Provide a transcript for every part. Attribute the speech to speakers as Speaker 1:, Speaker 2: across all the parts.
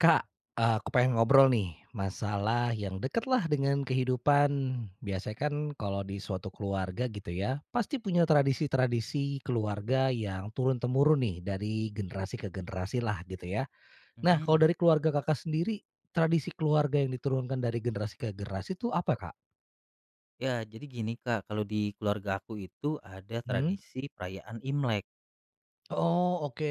Speaker 1: Kak, eee aku pengen ngobrol nih, masalah yang deket lah dengan kehidupan. Biasanya kan kalau di suatu keluarga gitu ya, pasti punya tradisi-tradisi keluarga yang turun-temurun nih, dari generasi ke generasi lah, gitu ya. Nah, kalau
Speaker 2: Mhm.
Speaker 1: dari keluarga Kakak sendiri, tradisi keluarga yang diturunkan dari generasi ke generasi itu apa, Kak?
Speaker 2: Ya, jadi gini, Kak. Kalau di keluarga aku itu ada
Speaker 1: Mhm.
Speaker 2: tradisi perayaan Imlek.
Speaker 1: Oh, oke.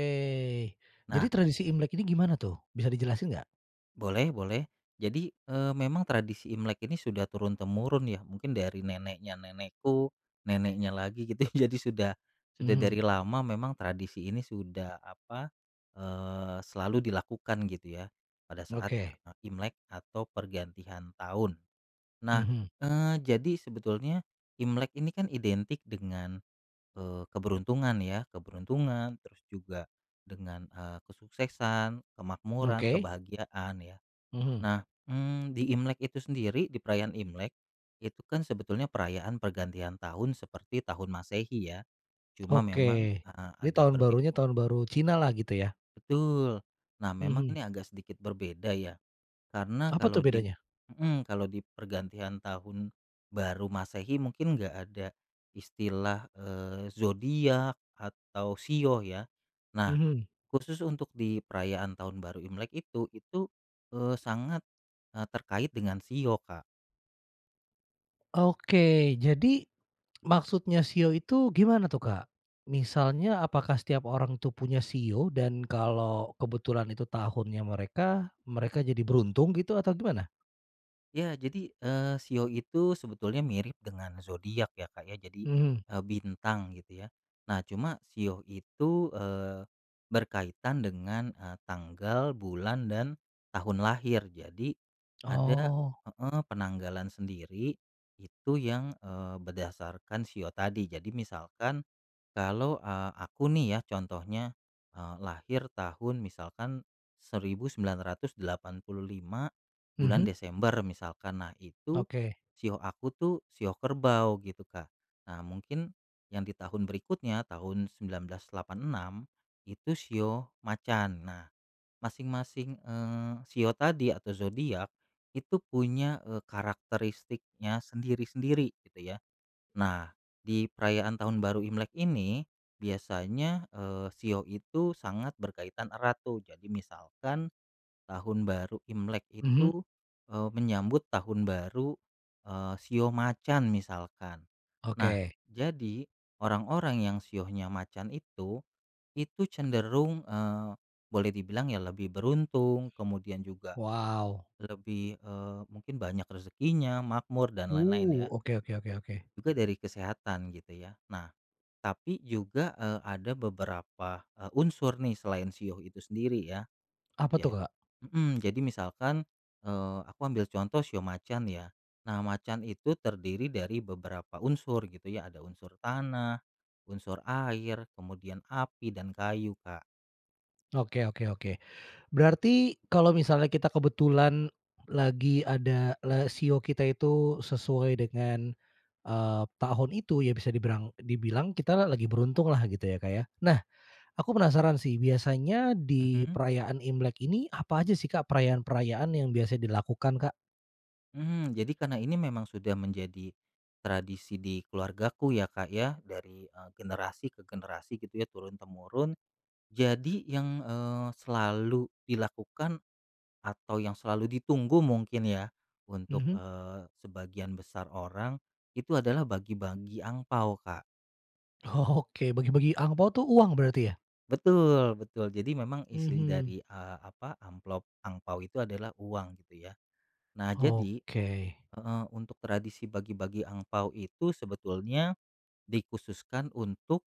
Speaker 1: Jadi
Speaker 2: Nah
Speaker 1: tradisi Imlek ini gimana tuh, bisa dijelasin nggak?
Speaker 2: Boleh boleh. Jadi, eee, memang tradisi Imlek ini sudah turun-temurun ya, mungkin dari neneknya nenekku, neneknya lagi gitu, jadi sudah sudah
Speaker 1: Mhm.
Speaker 2: dari lama memang tradisi ini sudah apa, eee, selalu dilakukan gitu ya, pada saat,
Speaker 1: Oke.
Speaker 2: eee, Imlek atau pergantian tahun. Nah,
Speaker 1: Mhm.
Speaker 2: eee, jadi sebetulnya Imlek ini kan identik dengan, eee, keberuntungan ya, keberuntungan terus juga dengan, eee, kesuksesan, kemakmuran,
Speaker 1: Oke.
Speaker 2: kebahagiaan ya.
Speaker 1: Mhm.
Speaker 2: Nah, mmm, di Imlek itu sendiri, di perayaan Imlek, itu kan sebetulnya perayaan pergantian tahun seperti tahun Masehi ya. Cuma
Speaker 1: Oke,
Speaker 2: memang heeh,
Speaker 1: ini
Speaker 2: agak
Speaker 1: Tahun
Speaker 2: berge
Speaker 1: Barunya, Tahun Baru Cina lah, gitu ya?
Speaker 2: Betul. Nah, memang
Speaker 1: Mhm.
Speaker 2: ini agak sedikit berbeda ya. Karena
Speaker 1: Apa tuh
Speaker 2: kalau di
Speaker 1: bedanya?
Speaker 2: mhm, kalau di pergantian Tahun Baru Masehi, mungkin nggak ada istilah, eee, zodiak atau shio ya? Nah,
Speaker 1: Mhm.
Speaker 2: khusus untuk di perayaan Tahun Baru Imlek, itu itu, eee, sangat, eee, terkait dengan shio, Kak.
Speaker 1: Oke. Jadi, maksudnya shio itu gimana tuh, Kak? Misalnya, apakah setiap orang tuh punya shio dan kalau kebetulan itu tahunnya mereka, mereka jadi beruntung gitu, atau gimana?
Speaker 2: Iya. Jadi, eee, shio itu sebetulnya mirip dengan zodiak ya Kak ya. Jadi,
Speaker 1: Mhm.
Speaker 2: eee, bintang gitu ya. Nah, cuma shio itu, eee, berkaitan dengan, eee, tanggal, bulan dan tahun lahir, jadi ada
Speaker 1: Oh.
Speaker 2: heeh, penanggalan sendiri, itu yang, eee, berdasarkan shio tadi. Jadi misalkan kalau, eee, aku nih ya, contohnya, eee, lahir tahun misalkan 1985, bulan
Speaker 1: Mhm.
Speaker 2: Desember misalkan. Nah, itu
Speaker 1: Oke.
Speaker 2: shio aku tuh shio kerbau gitu, Kak. Nah mungkin yang di tahun berikutnya tahun 1986, itu shio macan. Nah, masing-masing, eee, shio tadi atau zodiak, itu punya, eee, karakteristiknya sendiri-sendiri gitu ya. Nah, di perayaan Tahun Baru Imlek ini, biasanya, eee, shio itu sangat berkaitan erat tuh, jadi misalkan Tahun Baru Imlek
Speaker 1: Mhm.
Speaker 2: itu, eee, menyambut Tahun Baru, eee, shio macan, misalkan. Nah,
Speaker 1: Oke.
Speaker 2: jadi orang-orang yang shionya macan itu, itu cenderung, eee, boleh dibilang ya lebih beruntung, kemudian juga
Speaker 1: Wow.
Speaker 2: lebih, eee, mungkin banyak rezekinya, makmur, dan lain-lain
Speaker 1: Uh,
Speaker 2: ya.
Speaker 1: oke oke oke oke.
Speaker 2: Juga dari kesehatan, gitu ya. Nah, tapi juga, eee, ada beberapa, e unsur nih, selain shio itu sendiri ya.
Speaker 1: Apa tuh,
Speaker 2: Jad
Speaker 1: Kak?
Speaker 2: mhm, jadi misalkan, eee, aku ambil contoh shio macan ya. Nah, macan itu terdiri dari beberapa unsur gitu ya, ada unsur tanah, unsur air, kemudian api dan kayu, Kak.
Speaker 1: Oke oke oke. Berarti kalau misalnya kita kebetulan lagi ada la shio kita itu sesuai dengan, eee, tahun itu, ya bisa dibirang dibilang kita lagi beruntunglah gitu, ya Kak ya. Nah, aku penasaran sih, biasanya di
Speaker 2: Mhm.
Speaker 1: perayaan Imlek ini, apa aja sih Kak perayaan-perayaan yang biasanya dilakukan, Kak?
Speaker 2: Mhm, jadi karena ini memang sudah menjadi tradisi di keluargaku ya Kak ya, dari, eee, generasi ke generasi gitu ya, turun-temurun. Jadi yang, eee, selalu dilakukan atau yang selalu ditunggu mungkin ya, untuk,
Speaker 1: Mhm.
Speaker 2: eee, sebagian besar orang, itu adalah bagi-bagi angpao, Kak.
Speaker 1: Oke, bagi-bagi angpao tuh, uang berarti ya?
Speaker 2: Betul betul. Jadi memang isi
Speaker 1: Mhm.
Speaker 2: dari, eee, apa, amplop angpao itu adalah uang, gitu ya. Nah, jadi
Speaker 1: Oke.
Speaker 2: heeh, untuk tradisi bagi-bagi angpao itu sebetulnya dikhususkan untuk,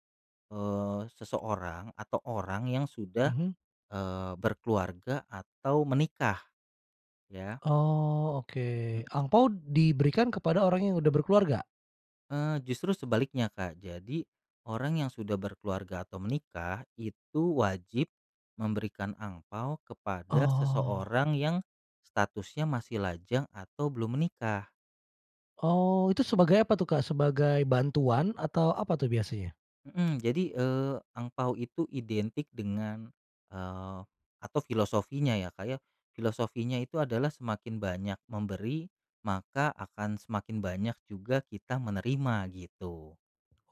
Speaker 2: eee, seseorang atau orang yang sudah,
Speaker 1: Mhm.
Speaker 2: eee, berkeluarga atau menikah, ya.
Speaker 1: Oh, oke.
Speaker 2: Hmm.
Speaker 1: Angpao diberikan kepada orang yang udah berkeluarga?
Speaker 2: Eee, justru sebaliknya, Kak. Jadi orang yang sudah berkeluarga atau menikah, itu wajib memberikan angpao kepada
Speaker 1: Oh.
Speaker 2: seseorang yang statusnya masih lajang atau belum menikah.
Speaker 1: Oh, itu sebagai apa tuh, Kak? Sebagai bantuan atau apa tuh biasanya?
Speaker 2: Mhm, jadi, eee, angpao itu identik dengan eee, atau filosofinya ya Kak ya, filosofinya itu adalah semakin banyak memberi, maka akan semakin banyak juga kita menerima, gitu.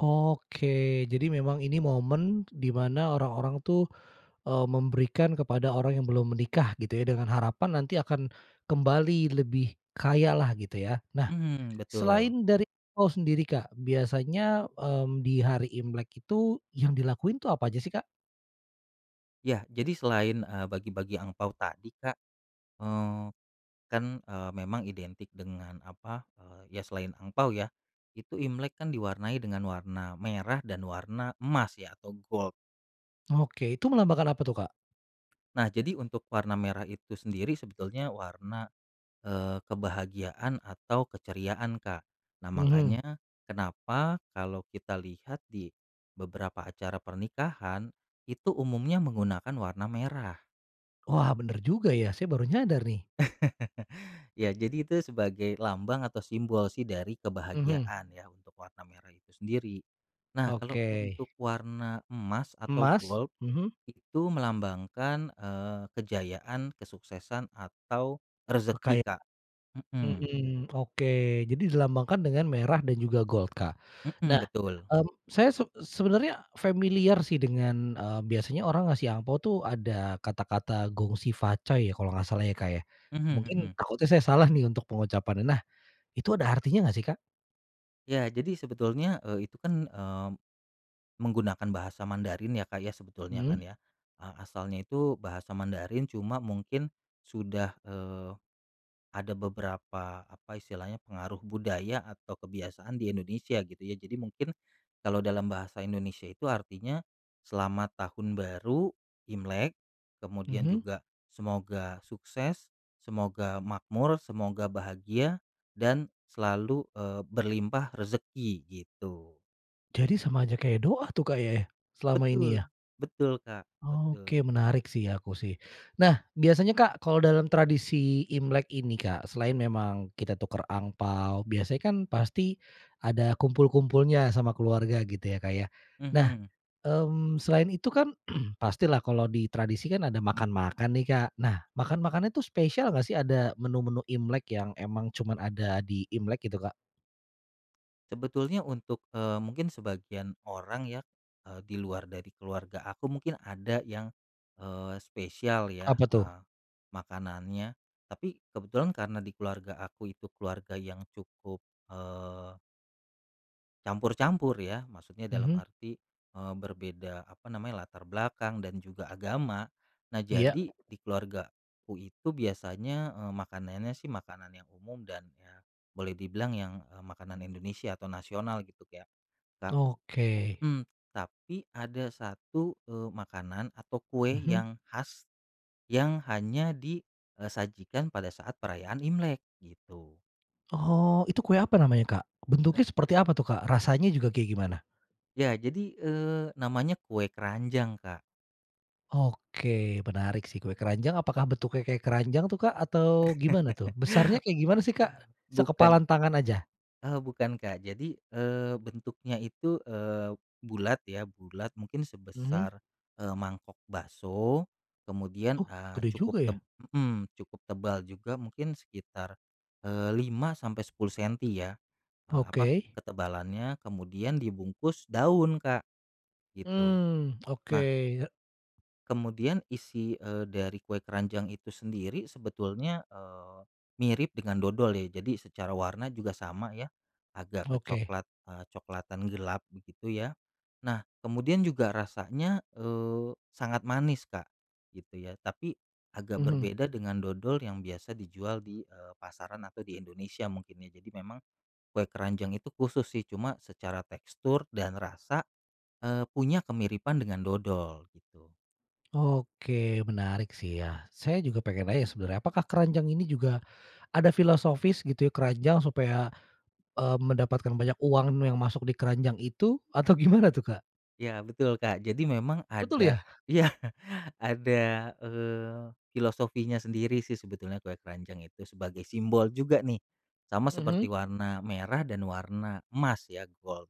Speaker 1: Oke. Jadi memang ini momen di mana orang-orang tuh, eee, memberikan kepada orang yang belum menikah gitu ya, dengan harapan nanti akan kembali lebih kaya lah, gitu ya? Nah,
Speaker 2: Mhm, betul.
Speaker 1: selain dari angpao sendiri Kak, biasanya, mmm, di hari Imlek itu yang dilakuin itu apa aja sih, Kak?
Speaker 2: Ya, jadi selain, eee, bagi-bagi angpao tadi, Kak. Eee, kan, eee, memang identik dengan apa, eee, ya selain angpao ya, itu Imlek kan diwarnai dengan warna merah dan warna emas ya, atau gold.
Speaker 1: Oke, itu melambangkan apa tuh, Kak?
Speaker 2: Nah, jadi untuk warna merah itu sendiri sebetulnya warna, eee, kebahagiaan atau keceriaan, Kak. Nah,
Speaker 1: Mhm.
Speaker 2: makanya kenapa kalau kita lihat di beberapa acara pernikahan, itu umumnya menggunakan warna merah.
Speaker 1: Wah, benar juga ya, saya baru nyadar nih.
Speaker 2: Ya, jadi itu sebagai lambang atau simbol sih, dari
Speaker 1: Mhm.
Speaker 2: kebahagiaan ya, untuk warna merah itu sendiri. Nah, kalau
Speaker 1: Oke.
Speaker 2: untuk warna emas atau
Speaker 1: Emas?
Speaker 2: gold,
Speaker 1: Mhm.
Speaker 2: itu melambangkan, eee, kejayaan, kesuksesan atau rezeki,
Speaker 1: Kekaya
Speaker 2: Kak. Mhm.
Speaker 1: mhm, oke. Jadi dilambangkan dengan merah dan juga gold, Kak.
Speaker 2: Mhm,
Speaker 1: Nah,
Speaker 2: betul.
Speaker 1: mmm, saya seb sebenarnya familiar sih, dengan, eee, biasanya orang ngasih angpao tuh ada kata-kata Gong Xi Fa Cai ya, kalau nggak salah ya, Kak, ya.
Speaker 2: Mhm
Speaker 1: Mungkin
Speaker 2: mhm.
Speaker 1: takutnya saya salah nih, untuk pengucapannya. Nah, itu ada artinya nggak sih, Kak?
Speaker 2: Iya, jadi sebetulnya, eee, itu kan, eee, menggunakan bahasa Mandarin ya, Kak, ya, sebetulnya
Speaker 1: Mhm.
Speaker 2: kan ya. Eee, asalnya itu bahasa Mandarin, cuma mungkin sudah, eee, ada beberapa, apa istilahnya, pengaruh budaya atau kebiasaan di Indonesia gitu ya, jadi mungkin kalau dalam bahasa Indonesia itu artinya, selamat Tahun Baru Imlek, kemudian
Speaker 1: Mhm.
Speaker 2: juga semoga sukses, semoga makmur, semoga bahagia dan selalu, eee, berlimpah rezeki, gitu.
Speaker 1: Jadi sama saja kayak doa tuh, Kak, ya ya, selama ini
Speaker 2: Betul,
Speaker 1: ya?
Speaker 2: betul, Kak.
Speaker 1: Oke,
Speaker 2: Betul.
Speaker 1: menarik sih ya, aku sih. Nah, biasanya Kak, kalau dalam tradisi Imlek ini, Kak, selain memang kita tukar angpao, biasanya kan pasti ada kumpul-kumpulnya sama keluarga gitu, ya, Kak, ya. Nah,
Speaker 2: Mhm.
Speaker 1: mmm, selain itu kan, pastilah kalau di tradisi, kan ada makan-makan nih, Kak. Nah, makan-makannya tuh spesial nggak sih, ada menu-menu Imlek yang emang cuman ada di Imlek gitu, Kak?
Speaker 2: Sebetulnya untuk, eee, mungkin sebagian orang ya, eee, di luar dari keluarga aku, mungkin ada yang, eee, spesial ya,
Speaker 1: Apa tuh?
Speaker 2: eee, makanannya. Tapi kebetulan karena di keluarga aku itu keluarga yang cukup, eee campur-campur ya, maksudnya dalam
Speaker 1: Mhm.
Speaker 2: arti, eee, berbeda apa namanya, latar belakang dan juga agama. Nah,
Speaker 1: Iya.
Speaker 2: jadi di keluargaku itu biasanya, eee, makanannya sih makanan yang umum dan, ya boleh dibilang yang, eee, makanan Indonesia atau nasional gitu, kayak ka
Speaker 1: Oke.
Speaker 2: hmm, tapi ada 1, eee, makanan atau kue
Speaker 1: Mhm.
Speaker 2: yang khas, yang hanya di, eee, sajikan pada saat perayaan Imlek, gitu.
Speaker 1: Oh, itu kue apa namanya, Kak?
Speaker 2: E
Speaker 1: Bentuknya seperti apa tuh, Kak? Rasanya juga kayak gimana?
Speaker 2: Iya, jadi, eee, namanya kue keranjang, Kak.
Speaker 1: Oke, menarik sih, kue keranjang apakah bentuknya kayak keranjang tuh, Kak, atau gimana tuh? Besarnya kayak gimana sih, Kak?
Speaker 2: Bukan
Speaker 1: Sekepalan tangan aja?
Speaker 2: eee, bukan, Kak. Jadi, eee, bentuknya itu, eee, bulat ya, bulat mungkin
Speaker 1: Mhm.
Speaker 2: sebesar, eee, mangkok bakso, kemudian,
Speaker 1: Oh,
Speaker 2: eee,
Speaker 1: gede
Speaker 2: cukup
Speaker 1: juga
Speaker 2: teb
Speaker 1: ya.
Speaker 2: mhm, cukup tebal juga, mungkin sekitar, eee, 5-10 sentimeter ya, eee, apa,
Speaker 1: Oke.
Speaker 2: ketebalannya, kemudian dibungkus daun, Kak, gitu.
Speaker 1: Mmm, oke,
Speaker 2: Nah
Speaker 1: ye
Speaker 2: kemudian isi, eee, dari kue keranjang itu sendiri sebetulnya, eee, mirip dengan dodol ya, jadi secara warna juga sama ya, agak
Speaker 1: Oke.
Speaker 2: kecoklat, eee, coklatan gelap begitu, ya. Nah, kemudian juga rasanya, eee, sangat manis, Kak, gitu ya, tapi agak
Speaker 1: Mhm.
Speaker 2: berbeda dengan dodol yang biasa dijual di, eee, pasaran atau di Indonesia mungkin ya. Jadi memang kue keranjang itu khusus sih, cuma secara tekstur dan rasa, eee, punya kemiripan dengan dodol, gitu.
Speaker 1: Oke menarik sih ya. Saya juga pengen nanya sebenarnya, apakah keranjang ini juga ada filosofis gitu ya, keranjang supaya, eee, mendapatkan banyak uang nu yang masuk di keranjang itu, atau gimana tuh, Kak?
Speaker 2: Ya, betul Kak, jadi memang
Speaker 1: Betul
Speaker 2: ada
Speaker 1: ya?
Speaker 2: iya, ada, eee, filosofinya sendiri sih sebetulnya kue keranjang itu, sebagai simbol juga nih, sama
Speaker 1: Mhm.
Speaker 2: seperti warna merah dan warna emas ya, gold.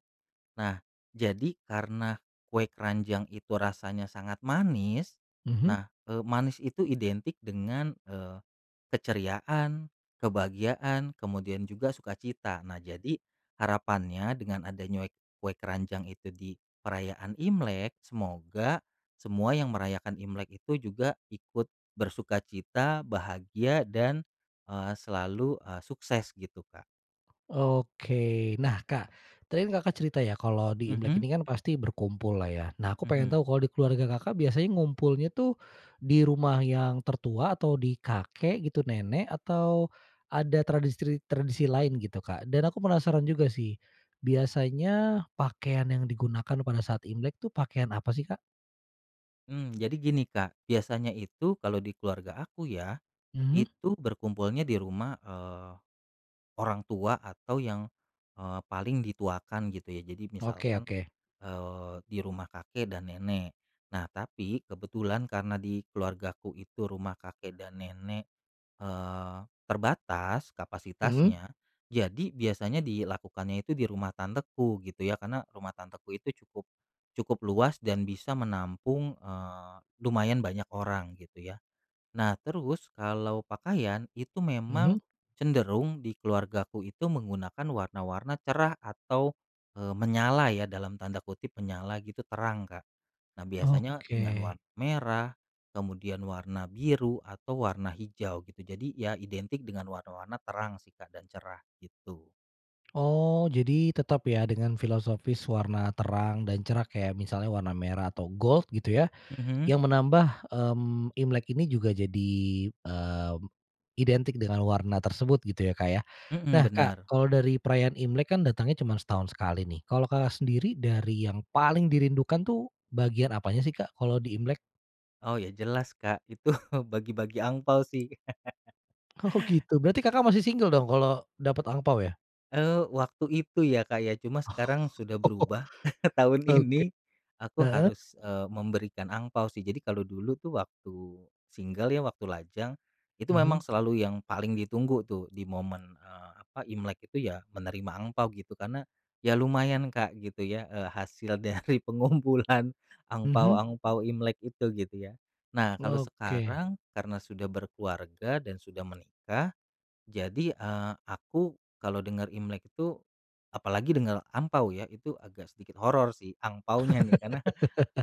Speaker 2: Nah, jadi karena kue keranjang itu rasanya sangat manis,
Speaker 1: Mhm.
Speaker 2: nah, eee, manis itu identik dengan, eee, keceriaan, kebahagiaan kemudian juga sukacita. Nah, jadi harapannya dengan ada nyuek kue keranjang itu di perayaan Imlek, semoga semua yang merayakan Imlek itu juga ikut bersukacita, bahagia, dan, eee, selalu, eee, sukses gitu, Kak.
Speaker 1: Oke. Nah, Kak, tadi kan Kakak cerita ya, kalau di Imlek
Speaker 2: Mhm.
Speaker 1: ini kan pasti berkumpul lah ya. Nah, aku pengen
Speaker 2: Mhm.
Speaker 1: tahu kalau di keluarga Kakak biasanya ngumpulnya tuh, di rumah yang tertua atau di kakek gitu, nenek atau ada tradistri tradisi lain gitu, Kak? Dan aku penasaran juga sih, biasanya pakaian yang digunakan pada saat Imlek tuh, pakaian apa sih, Kak?
Speaker 2: Mmm, jadi gini, Kak. Biasanya itu kalau di keluarga aku ya,
Speaker 1: Mhm.
Speaker 2: itu berkumpulnya di rumah, eee, orang tua atau yang, eee, paling dituakan gitu ya. Jadi
Speaker 1: Oke
Speaker 2: misalkan,
Speaker 1: oke.
Speaker 2: eee, di rumah kakek dan nenek. Nah, tapi kebetulan karena di keluargaku itu rumah kakek dan nenek, eee, terbatas
Speaker 1: Mhm.
Speaker 2: kapasitasnya, jadi biasanya dilakukannya itu di rumah tanteku gitu ya, karena rumah tanteku itu cukup cukup luas dan bisa menampung, eee, lumayan banyak orang gitu ya. Nah, terus kalau pakaian, itu memang
Speaker 1: Mhm.
Speaker 2: cenderung di keluargaku itu menggunakan warna-warna cerah atau, eee, menyala ya, dalam tanda kutip, "Menyala," gitu, "terang," Kak. Nah, biasanya dengan
Speaker 1: Oke.
Speaker 2: war merah, kemudian warna biru atau warna hijau gitu. Jadi, ya identik dengan warna-warna terang sih, Kak, dan cerah, gitu.
Speaker 1: Oh, jadi tetap ya, dengan filosofis warna terang dan cerah, kayak misalnya warna merah atau gold gitu ya,
Speaker 2: Mhm.
Speaker 1: yang menambah, mmm, Imlek ini juga jadi, eee, identik dengan warna tersebut gitu ya, Kak, ya.
Speaker 2: Mhm,
Speaker 1: Nah, Kak,
Speaker 2: benar.
Speaker 1: kalau dari perayaan Imlek kan datangnya cuman setahun sekali nih. Kalau Kakak sendiri, dari yang paling dirindukan tuh, bagian apanya sih, Kak? Kalau di Imlek.
Speaker 2: Oh ya, jelas, Kak, itu bagi-bagi angpao sih.
Speaker 1: Oh gitu, berarti Kakak masih single dong, kalau dapat angpao ya?
Speaker 2: Eee, waktu itu ya, Kak, ya. Cuma sekarang sudah
Speaker 1: Oh.
Speaker 2: berubah, tahun
Speaker 1: Oke.
Speaker 2: ini, aku
Speaker 1: Heeh.
Speaker 2: harus, eee, memberikan angpao sih. Jadi kalau dulu tuh waktu single ya, waktu lajang. Itu memang
Speaker 1: Mhm.
Speaker 2: selalu yang paling ditunggu tuh di momen, eee, apa, Imlek itu ya, menerima angpao gitu. Karena, ya lumayan, Kak, gitu ya, eee, hasil dari pengumpulan
Speaker 1: Mhm.
Speaker 2: angpao-angpao Imlek itu, gitu ya. Nah, kalau
Speaker 1: Oke.
Speaker 2: sekarang, karena sudah berkeluarga, dan sudah menikah. Jadi, eee, aku kalau dengar Imlek itu, apalagi dengar angpao ya, itu agak sedikit horor sih, angpaonya nih, karena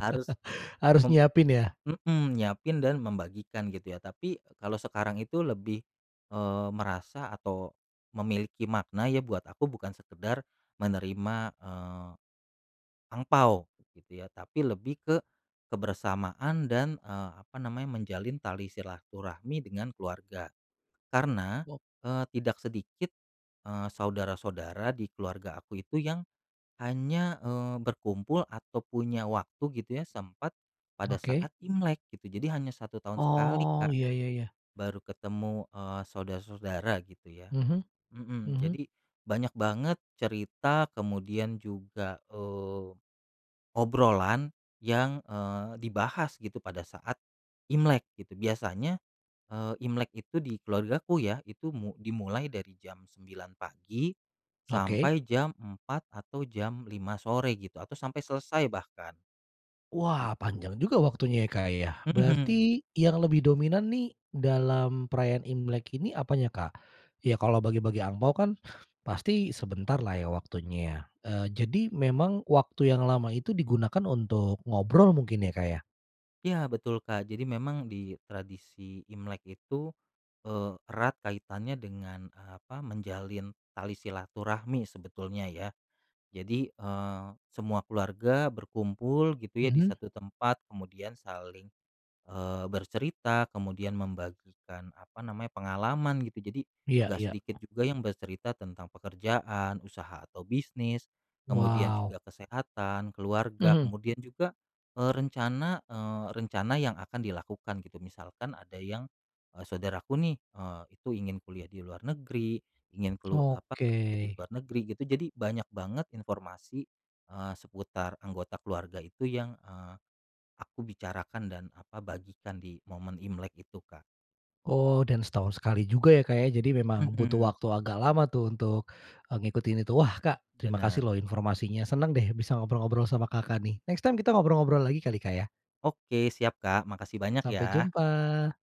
Speaker 2: harus
Speaker 1: Harus
Speaker 2: mem
Speaker 1: nyiapin ya?
Speaker 2: mhm, nyiapin dan membagikan, gitu ya. Tapi, eee, kalau sekarang itu lebih, eee, merasa atau memiliki makna ya buat aku, bukan sekedar menerima, eee, angpao gitu ya, tapi lebih ke kebersamaan dan, eee, apa namanya, menjalin tali silaturahmi dengan keluarga. Karena,
Speaker 1: Wo
Speaker 2: eee, tidak sedikit, eee, saudara-saudara di keluarga aku itu yang hanya, eee, berkumpul atau punya waktu gitu ya, sempat, pada
Speaker 1: Oke.
Speaker 2: saat Imlek gitu. Jadi hanya 1 tahun sekali
Speaker 1: Oh,
Speaker 2: Kak,
Speaker 1: iya iya iya.
Speaker 2: baru ketemu, eee, saudara-saudara, gitu ya.
Speaker 1: Mhm,
Speaker 2: Mhm,
Speaker 1: mhm.
Speaker 2: jadi banyak banget cerita, kemudian juga, eee, obrolan yang, eee, dibahas gitu, pada saat Imlek gitu. Biasanya, eee, Imlek itu di keluargaku ya, itu mu dimulai dari jam 9 pagi
Speaker 1: Oke.
Speaker 2: sampai jam 4 atau jam 5 sore gitu, atau sampai selesai, bahkan.
Speaker 1: Wah,
Speaker 2: Gitu.
Speaker 1: panjang juga waktunya ya, Kak, ya.
Speaker 2: Mhm.
Speaker 1: Berarti yang lebih dominan nih, dalam perayaan Imlek ini apanya, Kak? Ya, kalau bagi-bagi angpao kan, pasti sebentarlah ya, waktunya ya. Eee, jadi memang waktu yang lama itu digunakan untuk ngobrol mungkin ya, Kak, ya?
Speaker 2: Iya, betul, Kak. Jadi memang di tradisi Imlek itu, eee, erat kaitannya dengan apa, menjalin tali silaturahmi sebetulnya ya. Jadi, eee, semua keluarga berkumpul gitu ya, di
Speaker 1: Mhm.
Speaker 2: satu tempat, kemudian saling, eee, bercerita, kemudian membagikan apa namanya, pengalaman gitu. Jadi,
Speaker 1: Iya
Speaker 2: nggak
Speaker 1: iya.
Speaker 2: sedikit juga yang bercerita tentang pekerjaan, usaha atau bisnis, kemudian
Speaker 1: Wow.
Speaker 2: juga kesehatan, keluarga,
Speaker 1: Mhm.
Speaker 2: kemudian juga, eee, rencana, eee, rencana yang akan dilakukan gitu. Misalkan ada yang, eee, saudaraku nih, eee, itu ingin kuliah di luar negeri, ingin kelu apa,
Speaker 1: Oke.
Speaker 2: pergi keluar negeri gitu. Jadi banyak banget informasi, eee, seputar anggota keluarga itu yang, eee, aku bicarakan dan apa, bagikan di momen Imlek itu, Kak.
Speaker 1: Oh, dan setahun sekali juga ya, Kak, ya, jadi memang butuh
Speaker 2: Mhm.
Speaker 1: waktu agak lama tuh, untuk, eee, ngikutin itu. Wah, Kak, terima
Speaker 2: Benar.
Speaker 1: kasih loh, informasinya. Senang deh, bisa ngobrol-ngobrol sama Kakak nih. Next time kita ngobrol-ngobrol lagi kali, Kak, ya?
Speaker 2: Oke, siap Kak, makasih banyak
Speaker 1: Sampai
Speaker 2: ya.
Speaker 1: jumpa.